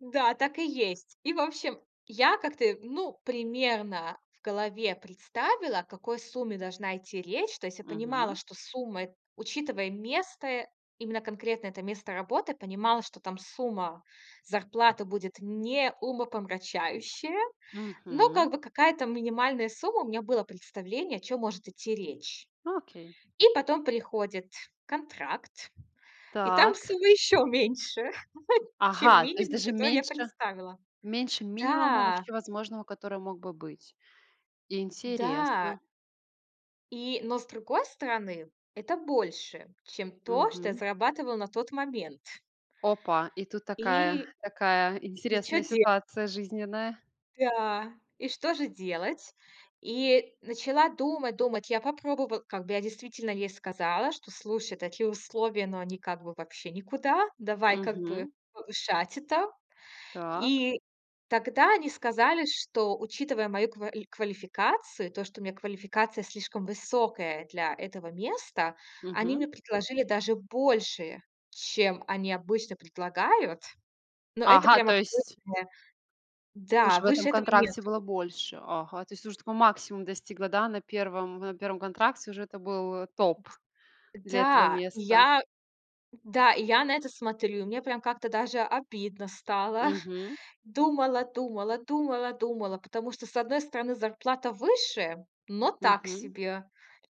Да, так и есть. И, в общем, я как-то, ну, примерно в голове представила, о какой сумме должна идти речь. То есть я понимала, Мгм. что сумма эт учитывая место, э, именно конкретно это место работы, понимала, что там сумма зарплаты будет не умопомрачающая. Но как Мгм. бы какая-то минимальная сумма- у меня было представление, о чём может идти речь. Ну, окей. И потом приходит контракт. И там Так. сумма еще меньше, чем Ага, то есть минимум, даже который я меньше представила. меньше минимума Да. вообще возможного, который мог бы быть. Да. Интересно. И Но с другой стороны, это больше, чем то, что я Мгм. зарабатывала на тот момент. Опа. И тут такая И такая и чё интересная де ситуация жизненная. да. И что же делать? И начала думать, думать. Я попробовала. Как бы я действительно ей сказала, что, слушай, такие условия, но они как бы вообще никуда. Давай как бы Мгм. повышать это. Так. И тогда они сказали, что, учитывая мою ква квалификацию, то, что у меня квалификация слишком высокая для этого места, они Мгм. мне предложили даже больше, чем они обычно предлагают. Но это Ага, прям то есть абсолютно уж да, в этом выше этого контракте было нету. больше. Ага. То есть уже такой максимум достигла, да, на 1, на 1 контракте уже это был, э, топ для этого Да. И места. я да, и я на это смотрю. И мне прям как-то даже обидно стало. Мгм. Думала-думала, думала-думала. Потому что, с одной стороны, зарплата выше, но так Мгм. себе.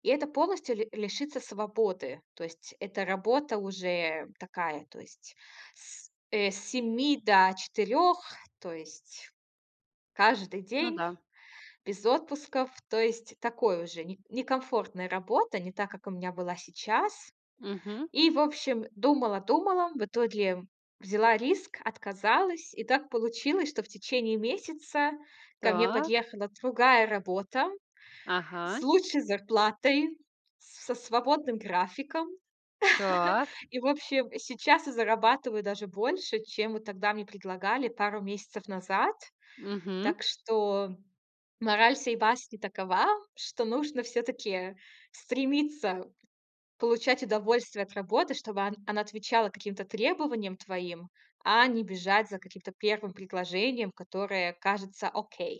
И это полностью ли лишиться свободы. То есть это работа уже такая. То есть с, э, с 7 до 4. То есть каждый Ну день, да. без отпусков. То есть такой уже не некомфортная работа. Не так, как у меня была сейчас. Мгм. И, в общем, думала, думала. В итоге взяла риск, отказалась. И так получилось, что в течение месяца ко мне Так. подъехала другая работа с Ага. лучшей зарплатой, с со свободным графиком. Так. И в общем, сейчас я зарабатываю даже больше, чем вот тогда мне предлагали пару месяцев назад. Мгм. Так что мораль сей басни такова, что нужно всё-таки стремиться получать удовольствие от работы, чтобы он она отвечала каким-то требованиям твоим, а не бежать за каким-то 1 предложением, которое кажется окей.